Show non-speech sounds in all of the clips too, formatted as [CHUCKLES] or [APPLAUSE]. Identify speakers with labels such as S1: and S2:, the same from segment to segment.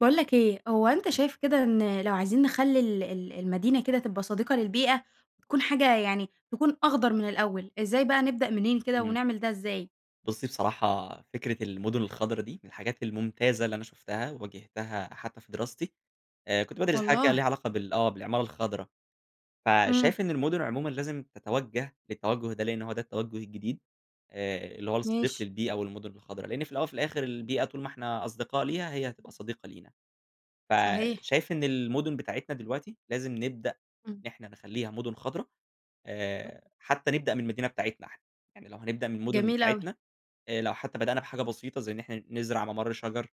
S1: باقول لك إيه، هو أنت
S2: [UNINTELLIGIBLE]
S1: شايف كده إن لو عايزين نخلّي ال ال المدينة كده تبقى صديقة للبيئة، وتكون حاجة يعني تكون أخضر من الأول، إزاي بقى نبدأ منين كده،
S2: تمام.
S1: ونعمل ده إزاي؟
S2: بُصّي بصراحة، فكرة المُدُن الخضرا دي، من الحاجات الممتازة اللي أنا شُفتها، وواجهتها حتّى في دراستي. آآ كنت بادرس حاجة كده
S1: والله؟!
S2: ليها علاقة بال آه، بالعمارة الخضرا.
S1: إمم.
S2: فشايف إن المُدُن عمومًا لازم تَتَوجّه للتَوجّه ده، لإن هو ده التَوجّه الجديد. آآ اللي هو الصديق
S1: ماشي.
S2: للبيئة، والمُدُن الخضرا، لإن في الأول، وفي الآخر البيئة طول ما إحنا أصدقاء ليها، هي هتبقى صديقة لينا.
S1: صحيح.
S2: فشايف إن المُدُن بتاعتنا دلوقتي لازم نبدأ
S1: إمم.
S2: إن إحنا نخلّيها مُدُن خضرا،
S1: [UNINTELLIGIBLE]
S2: آآ حتّى نبدأ من المدينة بتاعتنا إحنا. يعني لو هنبدأ من المُدُن
S1: جميل أوي.
S2: بتاعتنا، آآ لو حتّى بدأنا بحاجة بسيطة، زي إن إحنا نزرع مَمَر شَجَر،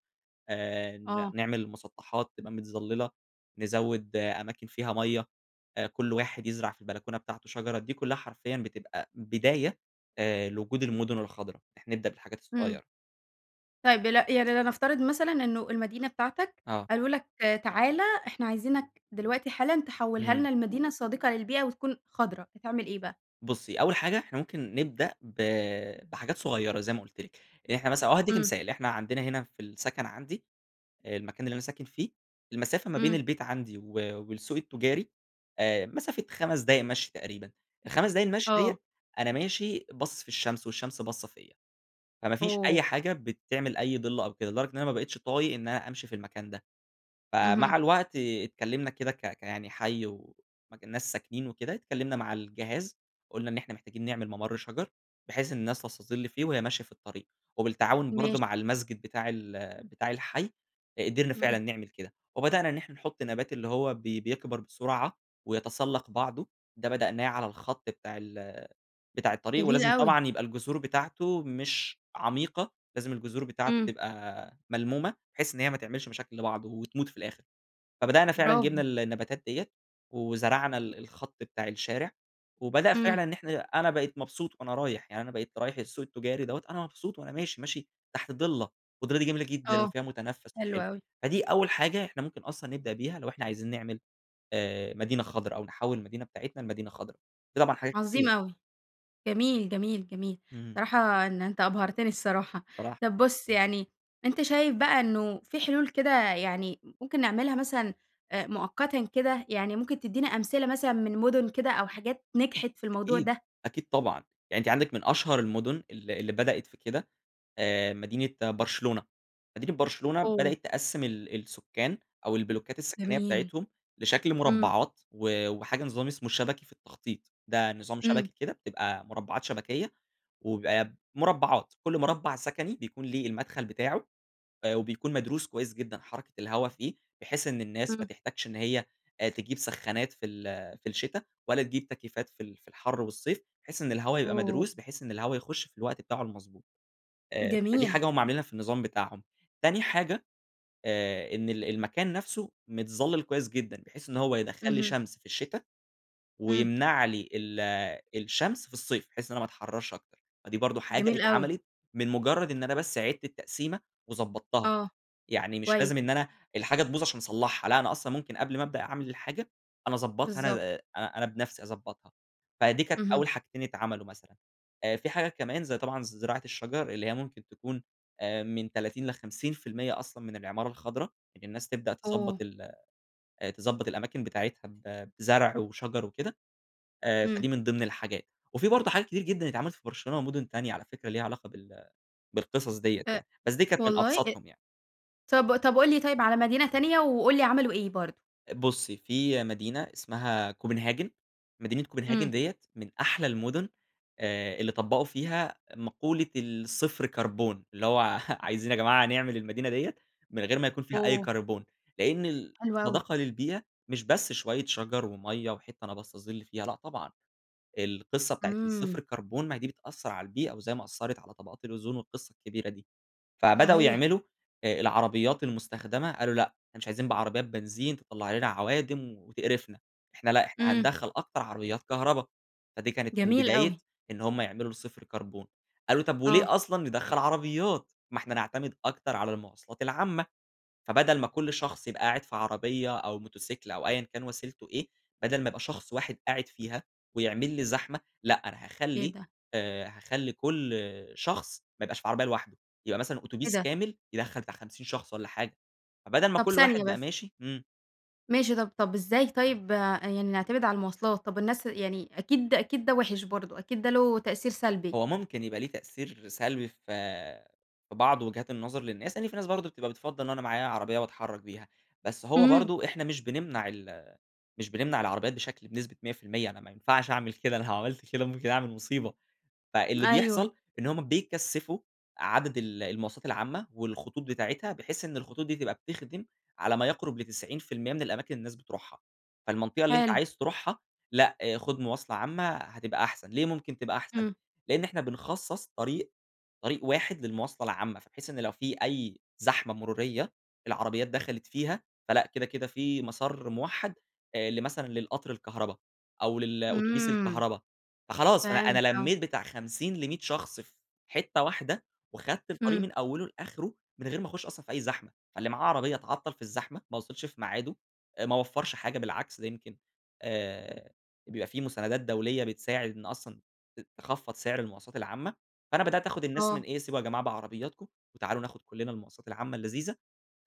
S2: آآ ن
S1: آه.
S2: نعمل المُسطّحات تبقى متظلّلة، نزوّد أماكن فيها مَيّة، آآ كل واحد يزرع في البلكونة بتاعته شجرة. دي كلّها حرفيًا بتبقى بداية آآ لوجود المُدُن الخضرا. إن إحنا نبدأ بالحاجات
S1: إمم.
S2: الصغيرة.
S1: طيب دل يعني لنفترض مثلًا إنه المدينة بتاعتك،
S2: آه.
S1: قالوا لك: "تعالَ إحنا عايزينك دلوقتي حالًا تحوّلها لنا
S2: إمم.
S1: لمدينة صديقة للبيئة، وتكون خضرا." هتعمل إيه بقى؟
S2: بُصِّي أوّل حاجة إحنا ممكن نبدأ ب بحاجات صغيّرة، زي ما قُلت لِك، يعني إحنا مثلًا أو هادِّيكِ
S1: امم.
S2: مثال، إحنا عندنا هنا في السكن عندي، آآ المكان اللي أنا ساكن فيه، المسافة ما بين
S1: امم.
S2: البيت عندي و والسوق التجاري، آآ مسافة 5 دقايق مَشي تقريبًا، ال5 دقايق المشي
S1: آه.
S2: ديَّة، أنا ماشي باصِص في الشمس والشمس باصَّة فيَّ، فما فيش أي
S1: أوه!
S2: حاجة بتعمل أي ضِلّ أو كده، لدرجة إن أنا ما بقيتش طايق إن أنا أمشي في المكان ده،
S1: اهم.
S2: فمع الوقت آآ اتكلمنا كده ك ك يعني حي ومكان ناس ساكنين وكده، اتكلمنا مع الجهاز، قُلنا إن إحنا محتاجين نعمل ممر شجر، بحيث إن الناس تستَظِل فيه وهي ماشية في الطريق، وبالتعاون برضو
S1: ماشي.
S2: مع المسجد بتاع ال بتاع الحي، قِدرنا
S1: امم.
S2: فعلًا نعمل كده، وبدأنا إن إحنا نحط نبات اللي هو ب بيكبر بسرعة، ويتسلَّق بعضه، ده بدأناه على الخط بتاع ال بتاع الطريق،
S1: جميل
S2: ولازم
S1: أوي.
S2: طبعًا يبقى الجذور بتاعته مش عميقة، لازم الجذور بتاعته
S1: امم.
S2: تبقى ملمومة؛ بحيث إن هي ما تعملش مشاكل لبعض وتموت في الآخر. فبدأنا فعلًا جِبنا
S1: براڤو.
S2: ال النباتات دِيَّة، وزرعنا ال الخط بتاع الشارع، وبدأ
S1: امم.
S2: فعلًا إن إحنا أنا بقيت مبسوط وأنا رايح، يعني أنا بقيت رايح السوق التجاري دَوَّة، أنا مبسوط وأنا ماشي، ماشي تحت ضِلّة، والضِلّة دي جميلة جدًا
S1: آه،
S2: وفيها متنفس
S1: حلو
S2: وحلو،
S1: أوي.
S2: فدي أوّل حاجة إحنا ممكن أصلًا نبدأ بيها، لو إحنا عايزين نعمل آآ مدينة خضرا أو نحوِّل المدينة بتاعتنا لمدينة خضرا. في طبعًا حاجات
S1: عظيم
S2: كتير.
S1: أوي، جميل، جميل، جميل.
S2: امم.
S1: صراحة إن أنت أبهرتني الصراحة،
S2: [UNINTELLIGIBLE]
S1: طب بُصّ يعني، أنت شايف بقى إنّه في حلول كده يعني ممكن نعملها مثلًا، آآ مؤقتًا كده؟ يعني ممكن تدينا أمثلة مثلًا من مُدن كده أو حاجات نجحت في الموضوع
S2: أكيد،
S1: ده.
S2: أكيد طبعًا، يعني أنتِ عندكِ من أشهر المدن ال اللي بدأت في كده، آآ مدينة برشلونة، مدينة برشلونة
S1: أوه!
S2: بدأت تقسِّم ال السكان أو البلوكات السكنية
S1: جميل،
S2: بتاعتهم، لشكل
S1: امم.
S2: مُربعات، و وحاجة نظام اسمه: شبكي في التخطيط، ده نظام
S1: امم.
S2: شبكي كده، بتبقى مُربعات شبكية، وبيبقى مُربعات، كل مُربع سكني بيكون ليه المدخل بتاعه، آآ وبيكون مدروس كويّس جدًا، حركة الهوا فيه، بحيث إن الناس ما
S1: امم.
S2: تحتاجش إن هي تجيب سخانات في ال في الشتا، ولا تجيب تكييفات في ال في الحر والصيف، بحيث إن الهوا يبقى
S1: أوه!
S2: مدروس، بحيث إن الهوا يخش في الوقت بتاعه المضبوط، آآ فدي
S1: جميل.
S2: حاجة هُم عاملينها في النظام بتاعهم، تاني حاجة، آآ، إن ال المكان نفْسه متظلل كويّس جدًا؛ بحيث إن هو يدخَّل لي
S1: اهم.
S2: شمس في الشتا،
S1: امم.
S2: ويمنع لي ال الشمس في الصيف؛ بحيث إن أنا ما أتحررش أكتر، فدي برضو حاجة
S1: جميل أوي.
S2: اتعملت من مجرّد إن أنا بس عِدت التقسيمة وضبطتها،
S1: آه،
S2: يعني مش
S1: كويس.
S2: لازم إن أنا الحاجة تبوظ عشان أصلحها، لأ أنا أصلًا ممكن قبل ما أبدأ أعمل الحاجة، أنا أضبطها أنا
S1: بالضبط.
S2: ب أنا بنفسي أضبطها، فدي كانت
S1: اهم.
S2: أوّل حاجتين اتعملوا مثلًا. آآ في حاجات كمان زي طبعًا زراعة الشجر، اللي هي ممكن تكون آآ من 30 ل50% أصلًا من العمارة الخضرا، إن الناس تبدأ تضبط
S1: أوه!
S2: ال تضبط الأماكن بتاعتها ب بزرع وشجر وكده، آآ
S1: امم.
S2: فدي من ضمن الحاجات، وفي برضو حاجات كتير جدًا اتعملت في برشلونة ومدن تانية- على فكرة- ليها علاقة بال بالقصص دِيَّة
S1: أ
S2: يعني، بس دي كانت من
S1: والله! إ
S2: أبسطُهم يعني.
S1: طَب طَب قُل لي طيَّب على مدينة تانية، وقُل لي عملوا إيه برضو؟
S2: بُصّي، في مدينة اسمها Copenhagen. مدينة Copenhagen
S1: إمم.
S2: ديّة، من أحلى المُدُن آآ اللي طبّقوا فيها مقولة الصفر كربون. اللي هو، عايزين يا جماعة نعمل المدينة ديّة، من غير ما يكون فيها أي
S1: أوه!
S2: كربون. لإن
S1: حلو أوي.
S2: الصداقة للبيئة، مش بس شوية شَجَر، ومَيّة، وحتة نبَص الظل فيها، لأ طبعًا. القصة بتاعة الصفر
S1: إمم.
S2: كربون، ما دي بتأثّر على البيئة، وزي ما أثّرت على طبقات الأوزون، والقصة الكبيرة دي. فبدأوا
S1: صحيح.
S2: يعملوا آآ العربيات المُستخدمة، قالوا: "لأ، إحنا مش عايزين بعربيات بنزين تطلّع لنا عَوادم وتقرفنا. إحنا لأ، إحنا
S1: إمم.
S2: هندخّل أكتر عربيات كهربا." فدي كانت من
S1: جميل
S2: بداية
S1: أوي.
S2: إن هم يعملوا الصفر كربون. قالوا: "طب
S1: آه.
S2: وليه أصلًا ندخّل عربيات؟ ما إحنا نَعتمد أكتر على المواصلات العامة. فبدل ما كُل شخص يبقى قاعد في عربية، أو موتسيكل، أو أيًا كان وسيلته إيه، بَدَل ما يبقى شخص واحد قاعد فيها، ويعمل لي زحمة. لأ أنا
S1: إيه
S2: هاخلّي
S1: ده؟
S2: آآ، هاخلّي كُل شخص ما يبقاش في عربية لوحده، يبقى مثلًا
S1: إيه
S2: أوتوبيس
S1: ده؟
S2: كامل يدخّل بتاع 50 شخص والّا حاجة. فبَدَل ما
S1: طب
S2: كُل
S1: ثانية
S2: واحد بقى
S1: بس.
S2: ماشي" إمم.
S1: ماشي، طب طب إزاي طيب يعني نعتمد على المواصلات؟ طب الناس يعني أكيد أكيد ده وِحِش برضه، أكيد ده له تأثير سلبي.
S2: هو ممكن يبقى ليه تأثير سلبي في في بعض وجهات النظر للناس. يعني في ناس برضه بتبقى بتفضّل إن أنا معايا عربية، واتحرّك بيها. بس هو
S1: إمم.
S2: برضه إحنا مش بنمنع ال مش بنمنع العربيات بشكل بنسبة 100%، أنا ما ينفعش أعمل كده، أنا لو عملت كده ممكن أعمل مصيبة. فاللي
S1: أيوه.
S2: بيحصل، إن هم بيكثّفوا عدد ال المواصلات العامة، والخطوط بتاعتها، بحيث إن الخطوط دي تبقى بتخدم على ما يَقرُب ل90% من الأماكن اللي الناس بتروحها. فالمنطقة اللي أنت
S1: حلو.
S2: عايز تروحها ،لأ خُد مواصلة عامة هتبقى أحسن. ليه ممكن تبقى أحسن؟
S1: إمم.
S2: لإن إحنا بنخصّص طريق، طريق واحد للمواصلة العامة. بحيث إن لو في أي زحمة مرورية العربيات دخلت فيها، فلأ كده، كده في مسار مُوحّد آآ لمثلًا للقطر الكهربا، أو للأتوبيس
S1: إمم.
S2: الكهربا. فخلاص، فأنا
S1: فهمت،
S2: أنا
S1: آه.
S2: لمِّيت بتاع 50 ل100 شخص في حتّة واحدة، وخدت الطريق
S1: إمم.
S2: من أوِّله لآخره من غير ما أخُش أصلًا في أي زحمة. فاللي معاه عربية اتعطّل في الزحمة، ما وصلش في ميعاده، ما وفَّرش حاجة، بالعكس ده يمكن آآ بيبقى في مساندات دولية بتساعد إن أصلًا ت تخفّض سِعر المواصلات العامة. فأنا بدأت آخُد الناس من
S1: آه.
S2: إيه، سيبوا يا جماعة بعربياتكم، وتعالوا ناخُد كلّنا المواصات العامة اللذيذة.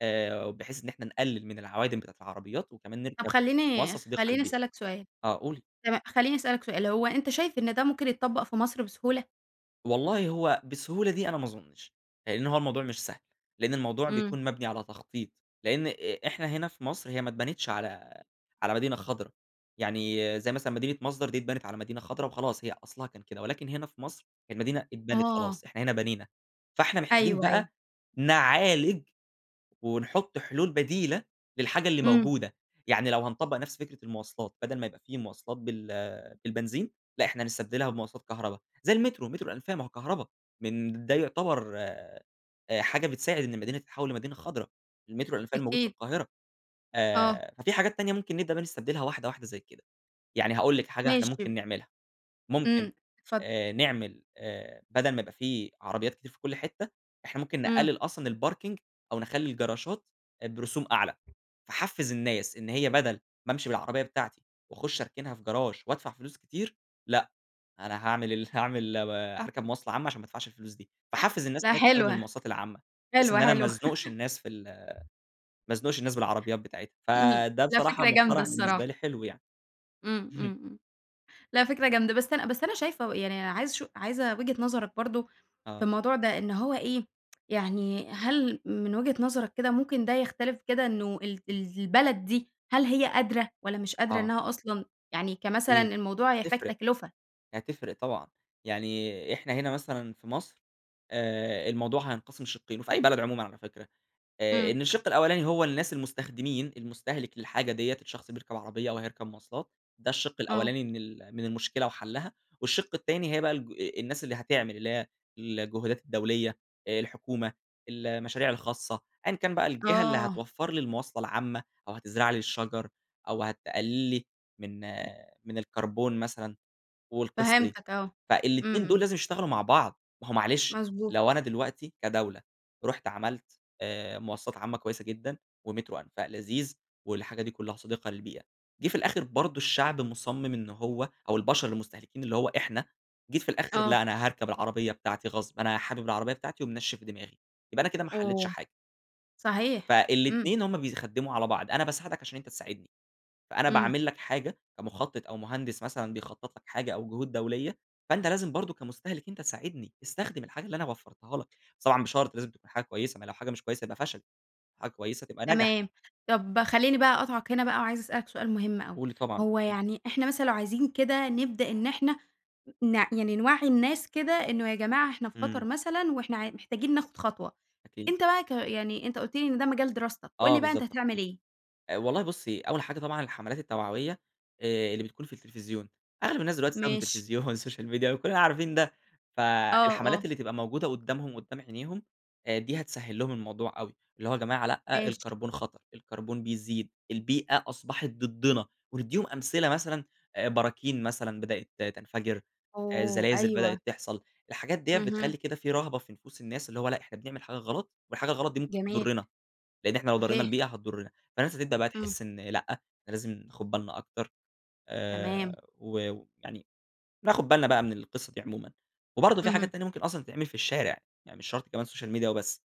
S2: آآ، وبحيث إن احنا نقلّل من العوادم بتاعة العربيات، وكمان
S1: طب
S2: نِركب
S1: خلّيني
S2: مواصلة صديقة
S1: خلّيني
S2: للبيئة.
S1: أسألك سؤال.
S2: آه قولي.
S1: تما خلّيني أسألك سؤال، هو أنت شايف إن ده ممكن يتطبَّق في مصر بسهولة؟
S2: والله هو بالسهولة دي، أنا ما أظنش؛ لأنّ هو الموضوع مش سهل. لأن الموضوع
S1: إمم.
S2: بيكون مبنِي على تخطيط، لأن إ إحنا هنا في مصر هي ما اتبنتش على على مدينة خَضرا، يعني زي مثلًا مدينة مصدر دي اتبنت على مدينة خضرا وخلاص، هي أصلها كان كده، ولكن هنا في مصر هي المدينة اتبنت
S1: آه.
S2: خلاص، إحنا هنا بنينا، فإحنا محتاجين
S1: أيوه، أيوه.
S2: بقى نعالج، ونحط حلول بديلة للحاجة اللي
S1: إمم.
S2: موجودة. يعني لو هنطبَّق نفس فكرة المواصلات، بدل ما يبقى في مواصلات بال بالبنزين، لأ، إحنا نستبدلها بمواصلات كهربا زي المترو، مترو الأنفاق ما هو كهربا من ده يعتبر آآ، حاجة بتساعد إن المدينة تتحوَّل لمدينة خضرا. المترو الأنفاق الموجود في
S1: أكيد.
S2: القاهرة.
S1: آه.
S2: آآ، ففي حاجات تانية ممكن نبدأ بقي نستبدلها واحدة واحدة زي كده. يعني هاقول لكِ حاجة إحنا
S1: ماشي،
S2: ممكن
S1: ب
S2: نعملها، ممكن
S1: إمم، اتفضل.
S2: آآ، نعمل آآ، بَدَل ما يبقى في عربيات كتير في كل حتّة، إحنا ممكن
S1: إمم.
S2: نقلل أصلًا الparking، أو نخلِّي الجراشات برسوم أعلى، فاحفز الناس إن هي بدل ما أمشي بالعربية بتاعتي، واخُش اركنها في جراش وأدفع فلوس كتير، لأ، أنا هاعمل ال هاعمل هاركب مواصلة عامة عشان ما ادفعش الفلوس دي. فاحفز الناس
S1: لا،
S2: إن هي تستخدم
S1: حلوة.
S2: المواصلات العامة، بحيث
S1: حلوة،
S2: إن أنا ما
S1: حلوة.
S2: ازنُقش
S1: [LAUGHS]
S2: الناس في ال ما ازنُقش الناس بالعربيات بتاعتها،
S1: [UNINTELLIGIBLE]
S2: فده
S1: لا،
S2: بصراحة
S1: فكرة جامدة
S2: مُقترَح بالنسبة
S1: الصراحة.
S2: لي حلو يعني.
S1: إمم، إمم،
S2: اهم.
S1: إمم. لا، فكرة جامدة بس أنا بس أنا شايفة ويعني عايزة أشو عايزة وجهة نظرك برضه في
S2: آه.
S1: الموضوع ده، إن هو إيه [TSK] يعني هل من وجهة نظرك كده ممكن ده يختَلِف كده إنه ال ال البلد دي هل هي قادرة والّا مش قادرة
S2: آه.
S1: إنها أصلًا يعني كمثلًا
S2: أكيد
S1: الموضوع هيحتاج
S2: تفرق،
S1: تكلفة.
S2: هتفرق طبعًا. يعني إحنا هنا مثلًا في مصر آآ، الموضوع هينقسم شِقّين، وفي أي بلد عمومًا على فكرة آآ
S1: إمم.
S2: إن الشِق الأولاني هو الناس المستخدمين المستهلك للحاجة ديّة، الشخص بيركب عربية أو هيركب مواصلات، ده الشِق
S1: آه.
S2: الأولاني من ال من المشكلة وحلَّها. والشِق التاني هي بقى الج الناس اللي هتعمل، اللي هي الجهودات الدولية، الحكومة، المشاريع الخاصة، أيًّا كان بقى الجهة اللي
S1: آه.
S2: هتوفر لي المواصلة العامة، أو هتزرع لي الشجر أو هتقلّل لي من من الكربون مثلًا والقصة دي.
S1: فهمتك، آه، إمم،
S2: فالاتنين دول
S1: إمم.
S2: لازم يشتغلوا مع بعض. ما هو معلش
S1: مضبوط.
S2: لو أنا دلوقتي كدولة رُحت عملت آآ، مواصلات عامة كويسة جدًا، ومترو أنفاق لذيذ والحاجة دي كلها صديقة للبيئة، جه في الآخر برضه الشعب مُصمِم إنه هو أو البشر المُستهلكين اللي هو إحنا، جيت في الآخر
S1: آه.
S2: لأ أنا هاركب العربية بتاعتي غصب، أنا حابب العربية بتاعتي ومنشِّف دماغي، يبقى أنا كده ما حلِّتش
S1: اوه،
S2: حاجة.
S1: صحيح، إمم.
S2: فالاتنين همّ بيخدّموا على بعض، أنا باساعدك عشان أنت تساعدني. فأنا
S1: إمم.
S2: باعمل لك حاجة كمُخطِط أو مهندس مثلًا بيخطط لك حاجة أو جهود دولية، فأنت لازم برضه كمُستهلك أنت تساعدني استخدم الحاجة اللي أنا وفرتها لك. بس طبعًا بشرط لازم تبقى حاجة كويسة، ما هي لو حاجة مش كويسة يبقى فشل، حاجة كويسة تبقى نجح.
S1: تمام، طَب، خلّيني بقى أقاطعك هنا بقى وعايزة أسأل لك سؤال مهم اوي،
S2: قولي طبعًا.
S1: هو
S2: إمم.
S1: يعني إحنا مثلًا لو عايزين كده نبدأ إن إحنا نع يعني نوَّعي الناس كده إنه يا جماعة إحنا في خطر
S2: إمم.
S1: مثلًا، وإحنا ع محتاجين ناخد خطوة.
S2: أكيد.
S1: أنت بقى ك يعني أنت قُلت لي إن ده مجال دراستك، قُل
S2: آه،
S1: لي بقى أنت
S2: بالضبط،
S1: هتعمل
S2: تخطيط.
S1: إيه؟
S2: والله بُصّي، أول حاجة طبعًا الحمَلات التوعوية، آآ اللي بتكون في التلفزيون، أغلب الناس دلوقتي بتستخدم
S1: ماشي.
S2: التلفزيون والسوشيال ميديا وكلنا عارفين ده:
S1: آه، آه.
S2: فالحَمَلات اللي تبقى موجودة قدّامهم قدّام عينيهم دي هتسهل لهم الموضوع أوي. اللي هو يا جماعة لأ
S1: ماشي.
S2: الكربون خطر، الكربون بيزيد، البيئة أصبحت ضدنا. وندّيهم أمثلة مثلًا براكين مثلًا بدأت تنفجر،
S1: اوه،
S2: زلازل
S1: أيوه.
S2: بدأت تحصَل. الحاجات ديّة
S1: اهم.
S2: بتخلّي كده في رهبة في نفوس الناس، اللي هو لأ إحنا بنعمل حاجة غلط، والحاجة الغلط دي ممكن
S1: جميل.
S2: تضرِّنا، لأن إحنا لو ضرِّينا
S1: صحيح.
S2: البيئة هتضرِّنا، فالناس هتبدأ بقى
S1: إمم.
S2: تحس إن لأ، إحنا لازم ناخد بالنا أكتر
S1: تمام.
S2: آآ، و ويعني ناخد بالنا بقى من القصة دي عمومًا. وبرضه في
S1: اهم.
S2: حاجات تانية ممكن أصلًا تتعمل في الشارع، يعني مش شرط كمان السوشيال ميديا وبس.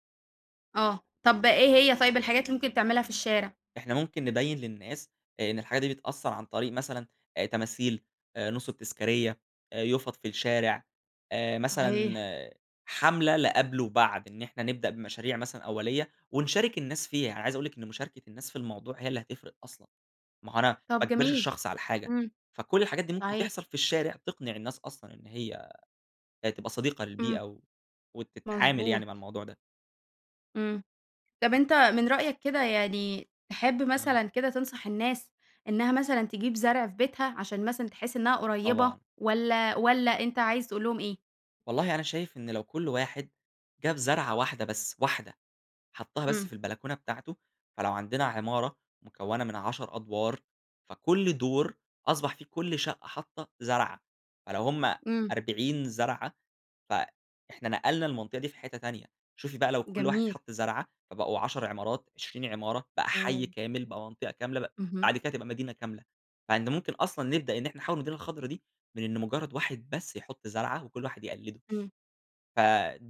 S1: آه، طب إيه هي طيب الحاجات اللي ممكن تعملها في الشارع؟
S2: إحنا ممكن نبيّن للناس إن الحاجة دي بتأثّر عن طريق مثلًا آآ تماثيل، نُصُب تذكارية، يُفَط في الشارع آآ،
S1: صحيح.
S2: مثلًا حملة لقَبل وبعد، إن إحنا نبدأ بمشاريع مثلًا أولية، ونشارك الناس فيها، أنا عايز أقول لِك إن مشاركة الناس في الموضوع هي اللي هتفرق أصلًا، ما هو أنا ما
S1: طب
S2: أجبرش
S1: جميل،
S2: الشخص على حاجة،
S1: امم،
S2: فكل الحاجات دي ممكن
S1: صحيح.
S2: تحصل في الشارع، تقنع الناس أصلًا إن هي تبقى صديقة للبيئة،
S1: امم.
S2: و وتتعامل
S1: مضبوط.
S2: يعني مع الموضوع ده.
S1: امم، طب أنت من رأيك كده، يعني تحب
S2: آه.
S1: مثلًا كده تنصح الناس إنها مثلًا تجيب زرع في بيتها، عشان مثلًا تحس إنها قريّبة،
S2: طبعًا.
S1: والَّا والَّا أنت عايز تقول لهم إيه؟
S2: والله أنا شايف إن لو كل واحد جاب زرعة واحدة بس، واحدة حطّها بس
S1: امم.
S2: في البلكونة بتاعته، فلو عندنا عمارة مكوَّنة من 10 أدوار فكل دور أصبح فيه كل شقة حاطّة زرعة، فلو هم
S1: امم.
S2: 40 زرعة، ف إحنا نقلنا المنطقة دي في حتَّة تانية، شوفي بقى لو كل واحد
S1: جميل.
S2: حطّ زرعة؛ فبقوا 10 عمارات، 20 عمارة، بقى حيّ
S1: أوه!
S2: كامل، بقى منطقة كاملة، ب
S1: اهم.
S2: بعد كده تبقى مدينة كاملة. مع إن ممكن أصلًا نبدأ إن إحنا نحوِّل المدينة الخضرا دي من إن مجرّد واحد بس يحط زرعة، وكل واحد يقلِّده،
S1: امم.
S2: ف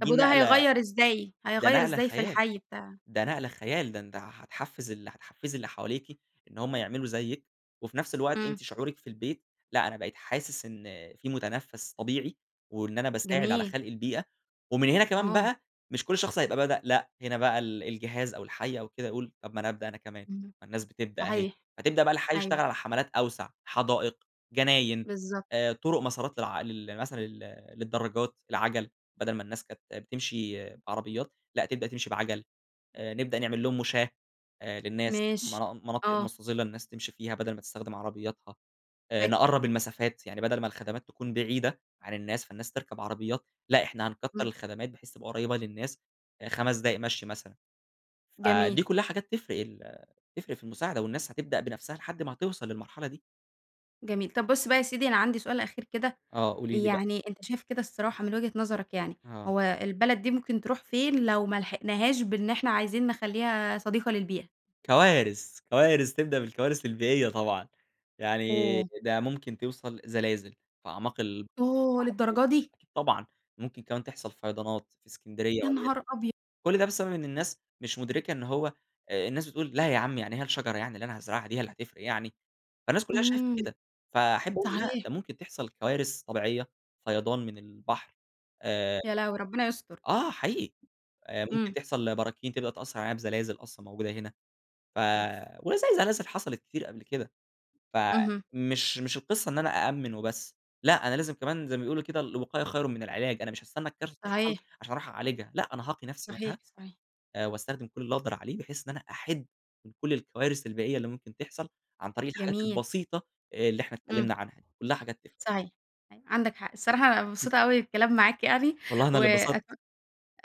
S1: طب وده
S2: نقلة
S1: هيغيّر إزاي،
S2: ده
S1: هيغيّر
S2: نقلة
S1: إزاي في
S2: خيال،
S1: الحي بتاعك؟
S2: ده نقلة خيال، ده أنت هتحفِّز ال هتحفِّزي اللي حواليكِ إن هم يعملوا زيِّك وفي نفس الوقت
S1: امم.
S2: أنتِ شعورِك في البيت، لأ أنا بقيت حاسس إن في متنفَّس طبيعي، وإن أنا باساعد على
S1: جميل.
S2: خلق البيئة، ومن هنا كمان
S1: آه.
S2: بقى مش كل شخص هيبقى بدأ، لأ، هنا بقى ال الجهاز أو الحي أو كده هيقول طب ما أنا أبدأ أنا كمان،
S1: امم،
S2: ما الناس بتبدأ أهي،
S1: صحيح،
S2: فتبدأ بقى الحي يشتغل
S1: أيوه.
S2: على حملات أوسع حدائق، جناين،
S1: بالضبط.
S2: آآ، طرُق مسارات للع لل مثلًا لل للدراجات، العجَل، بدل ما الناس كانت بتمشي بعربيات، لأ تبدأ تمشي بعجَل، آآ، نبدأ نعمل لهم مُشاه آآ، للناس
S1: ماشي،
S2: منا مناطق
S1: آه.
S2: مستظِّلة للناس تمشي فيها، بدل ما تستخدم عربياتها آآ،
S1: فكرة.
S2: نقرَّب المسافات يعني بدل ما الخدمات تكون بعيدة عن الناس فالناس تركب عربيات، لأ إحنا هنكتّر
S1: امم.
S2: الخدمات بحيث تبقى قريّبة للناس 5 دقايق مشي مثلًا.
S1: جميل.
S2: فدي كلّها حاجات تفرق ال تفرق في المساعدة، والناس هتبدأ بنفسها لحد ما هتوصل للمرحلة دي.
S1: جميل. طب، بُص بقى، يا سيدي أنا عندي سؤال أخير كده،
S2: آه، قولي لي بقى.
S1: يعني أنت شايف كده الصراحة من وجهة نظرك يعني،
S2: آه.
S1: هو البلد دي ممكن تروح فين لو ملحقناهاش بإن إحنا عايزين نخليها صديقة للبيئة؟
S2: كوارث، كوارث تبدأ بالكوارث البيئية طبعًا، يعني
S1: اوه!
S2: ده ممكن توصل زلازل في أعماق البحر
S1: اوه، للدرجة
S2: المتوسط
S1: دي؟
S2: أكيد طبعًا، ممكن كمان تحصل فيضانات في اسكندرية
S1: يا نهار
S2: وليكن،
S1: أبيض!
S2: كل ده بسبب إن الناس مش مدركة إن هو الناس بتقول: "لا يا عم يعني هي الشجرة يعني اللي أنا هازرعها دي هي اللي هتفرق يعني؟" فالناس كلها شايفة
S1: إمم،
S2: كده، فأحب أقول لا،
S1: صحيح.
S2: ده ممكن تحصل كوارث طبيعية، فيضان من البحر آآ،
S1: يا لهويّ! ربنا يستر.
S2: آه، حقيقي آآ، ممكن
S1: إمم.
S2: تحصل براكين تبقى تأثر علينا بزلازل أصلًا موجودة هنا، ف
S1: أوف!
S2: وزي زلازل حصلت كتير قبل كده،
S1: اهم.
S2: فمش مش القصة إن أنا أأمن وبس، لا، أنا لازم كمان زي ما بيقولوا كده: "الوقاية خير من العلاج." أنا مش هاستنى الكارثة تحصل
S1: صحيح.
S2: عشان أروح أعالجها، لأ، أنا هاقي نفسي
S1: صحيح،
S2: منها
S1: صحيح.
S2: آآ، وأستخدم كل اللي أنا أقدر عليه بحيث إن أنا أِحد من كل الكوارث البيئية اللي ممكن تحصل عن طريق الحاجات
S1: جميل.
S2: البسيطة اللي إحنا
S1: إمم.
S2: اتكلمنا عنها، كلها حاجات تفرق.
S1: صحيح، عندك حق، الصراحة أنا
S2: [UNINTELLIGIBLE]
S1: مبسوطة أوي بالكلام معاك يعني
S2: والله أنا اللي
S1: وأت
S2: اتبسطت.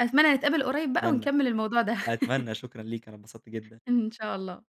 S1: أتمنى نتقابل قريب بقى
S2: أتمنى،
S1: ونكمل الموضوع ده.
S2: أتمنى،
S1: [CHUCKLES]
S2: شكرًا ليكِ، أنا اتبسط جدًا.
S1: إن شاء الله.